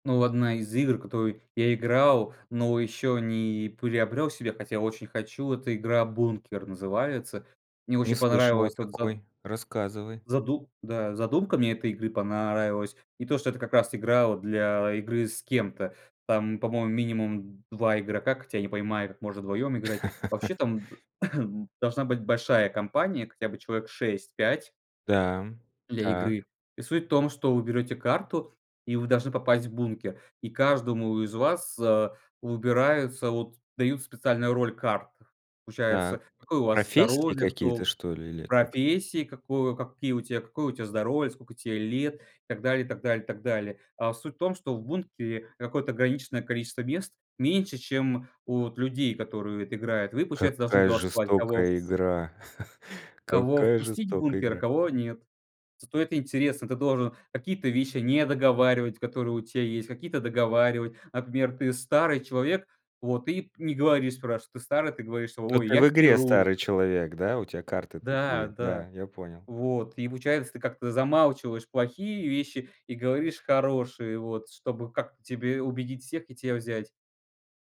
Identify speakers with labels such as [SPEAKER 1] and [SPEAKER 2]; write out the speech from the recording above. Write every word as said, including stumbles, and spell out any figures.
[SPEAKER 1] Ну, одна из игр, в которую я играл, но еще не приобрел себе, хотя я очень хочу. Это игра "Бункер" называется. Мне
[SPEAKER 2] Не
[SPEAKER 1] очень
[SPEAKER 2] слышал о
[SPEAKER 1] понравилась вот за
[SPEAKER 2] такой. Рассказывай.
[SPEAKER 1] заду да, задумка мне этой игры понравилась. И то, что это как раз игра вот для игры с кем-то. Там, по-моему, минимум два игрока, хотя не понимаю, как можно вдвоем играть. Вообще, там, э, должна быть большая компания, хотя бы человек шесть пять
[SPEAKER 2] Да.
[SPEAKER 1] для игры.
[SPEAKER 2] Так.
[SPEAKER 1] И суть в том, что вы берете карту и вы должны попасть в бункер. И каждому из вас выбираются вот, дают специальную роль карт.
[SPEAKER 2] Так.
[SPEAKER 1] Получается, какое у вас
[SPEAKER 2] Профессии
[SPEAKER 1] здоровье,
[SPEAKER 2] какие-то,
[SPEAKER 1] кто
[SPEAKER 2] что ли? Или это к
[SPEAKER 1] профессии какое какие какое у тебя здоровье, сколько тебе лет и так далее, и так далее, и так далее. О, суть в том, что в бункере какое-то ограниченное количество мест, меньше, чем у вот людей, которые это играют. Вы, получается, должны
[SPEAKER 2] Какая
[SPEAKER 1] голосовать, кого
[SPEAKER 2] жестокая
[SPEAKER 1] ф
[SPEAKER 2] игра!
[SPEAKER 1] кого
[SPEAKER 2] Какая
[SPEAKER 1] впустить в
[SPEAKER 2] жестокая
[SPEAKER 1] бункер, а
[SPEAKER 2] игра.
[SPEAKER 1] кого нет? Стоит интерес: ты должен какие-то вещи недоговаривать, которые у тя есть, какие-то договаривать. Например, ты старый человек, вот, и не говоришь. Спрашивают: "Ты старый?" Ты говоришь: "Ой,
[SPEAKER 2] Это
[SPEAKER 1] я
[SPEAKER 2] в игре
[SPEAKER 1] хирург!"
[SPEAKER 2] старый человек, да? У тя карты
[SPEAKER 1] Да,
[SPEAKER 2] такие. Да,
[SPEAKER 1] да.
[SPEAKER 2] я понял.
[SPEAKER 1] Вот и получается, ты как-то замалчиваешь плохие вещи и говоришь хорошие вот, чтобы как тебе убедить всех и тя взять.